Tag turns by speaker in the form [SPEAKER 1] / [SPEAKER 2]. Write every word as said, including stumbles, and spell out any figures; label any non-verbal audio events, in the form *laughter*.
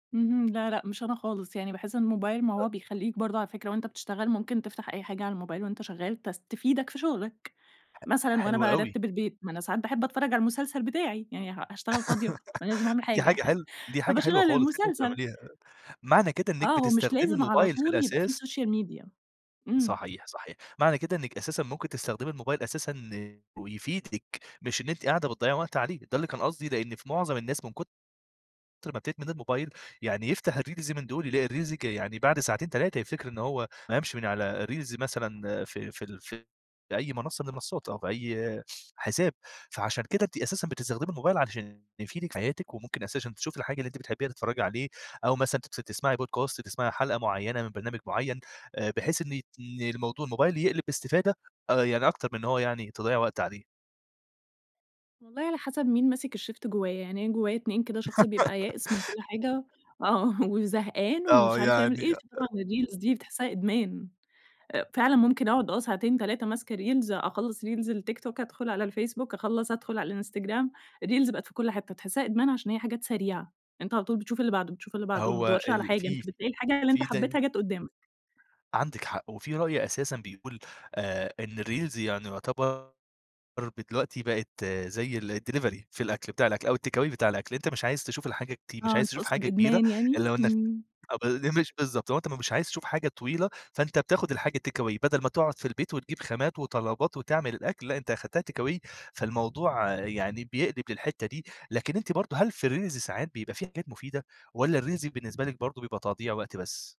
[SPEAKER 1] اهم. لا لأ، مش أنا خالص. يعني باحس الموبايل ما
[SPEAKER 2] أأ
[SPEAKER 1] هو بيخلّيك برضه على فكرة، وأنت بتشتغل ممكن تفتح أي حاجة على الموبايل وأنت شغّال تس تفيدك في شُغلك.
[SPEAKER 2] ح
[SPEAKER 1] مثلًا وأنا
[SPEAKER 2] حلو أوي.
[SPEAKER 1] بارتِّب البيت، ما أنا ساعات باحب أتفرّج على المسلسل بتاعي. يعني ه هاشتغل فاضية؟ ما أنا لازم
[SPEAKER 2] *laughs*
[SPEAKER 1] أعمل
[SPEAKER 2] دي
[SPEAKER 1] حاجة،
[SPEAKER 2] حاجة
[SPEAKER 1] *chuckles*
[SPEAKER 2] حل دي حاجة
[SPEAKER 1] فباشغّل
[SPEAKER 2] حلوة خلاص، أنتِ
[SPEAKER 1] المسلسل.
[SPEAKER 2] بتعمليها. معنى كده إنِّك
[SPEAKER 1] آه، هو مش
[SPEAKER 2] بتستخدمي
[SPEAKER 1] لازم على
[SPEAKER 2] الموبايل في
[SPEAKER 1] طول يبقى في
[SPEAKER 2] الأساس
[SPEAKER 1] سوشيال ميديا. إمم.
[SPEAKER 2] صحيح صحيح، معنى كده إنِّك أساسًا ممكن تستخدمي الموبايل أساسًا ويفيدِك، مش إن أنتِ قاعدة بتضيّعي وقت عليه، ده اللي كان قصدي. لإن في مُعظم الناس من كُتر ما بتدمن الموبايل، يعني يفتح الreels من دول يلاقي الreels ج يعني بعد ساعتين، تلاتة يفتكر إن هو ما قامش من على الreels مثلًا، ف فـي ال في أي منصة من المنصات أو في أي حساب. فعشان كده أنتِ أساسًا بتستخدمي الموبايل علشان يفيدِك في حياتِك، وممكن أساسًا تشوفي الحاجة اللي أنتِ بتحبيها، تتفرجي عليه، أو مثلًا تس تسمَعي Podcast، تسمَعي حلقة معيّنة من برنامج معيّن، آآ بحيث إن ن الموضو الموبايل يقلب باستفادة، آآ، يعني أكتر من إن هو يعني تضيّع وقت عليه.
[SPEAKER 1] والله على حسب مين ماسك الشيفت جوّايا. يعني أنا جوّايا اتنين كده، شخص بيبقى يائس من كل
[SPEAKER 2] *laughs*
[SPEAKER 1] حاجة آه، وزهقان
[SPEAKER 2] آه،
[SPEAKER 1] ومش عارف يعمل
[SPEAKER 2] يعني
[SPEAKER 1] إيه،
[SPEAKER 2] أ آ
[SPEAKER 1] فطبعًا الreels دي بتحسها إدمان. أ فعلًا ممكن أقعد آه، ساعتين تلاتة ماسكة reels. أخلّص reels التيك توك أدخُل على الفيسبوك، أخلّص أدخُل على الإنستجرام. الreels بقت في كل حتّة. بتحسها إدمان عشان هي حاجات سريعة، أنت على طول بتشوف اللي بَعده، بتشوف اللي بَعده ما
[SPEAKER 2] هو
[SPEAKER 1] بتدّورش على
[SPEAKER 2] ال
[SPEAKER 1] حاجة، أنت
[SPEAKER 2] في في
[SPEAKER 1] بتلاقي الحاجة اللي أنت
[SPEAKER 2] في تاني
[SPEAKER 1] حبّيتها جَت قدّامك.
[SPEAKER 2] عندِك حق، وفي رأي أساسًا بيقول آآ، إن الreels يعني يُعتبر ب دلوقتي بقت زي الdelivery في الأكل، بتاع الأكل أو الtakeaway بتاع الأكل. أنت مش عايز تشوف الحاجات دي، مش
[SPEAKER 1] آه،
[SPEAKER 2] عايز تشوف
[SPEAKER 1] تقصد
[SPEAKER 2] حاجة كبيرة،
[SPEAKER 1] إدمان يعني.
[SPEAKER 2] إلا وإنّك
[SPEAKER 1] إمم.
[SPEAKER 2] آه، ب *unintelligible* بالضبط، أنت م مش عايز تشوف حاجة طويلة، فأنت بتاخد الحاجة takeaway بدل ما تقعد في البيت وتجيب خامات وطلبات وتعمل الأكل. لأ، أنت أخدتها takeaway، فالموضوع يعني بيقلب للحتة دي. لكن أنتِ برضه، هل في الreels ساعات بيبقى في حاجات مفيدة، والّا الreels بالنسبة لِك برضه بيبقى تضييع وقت بس؟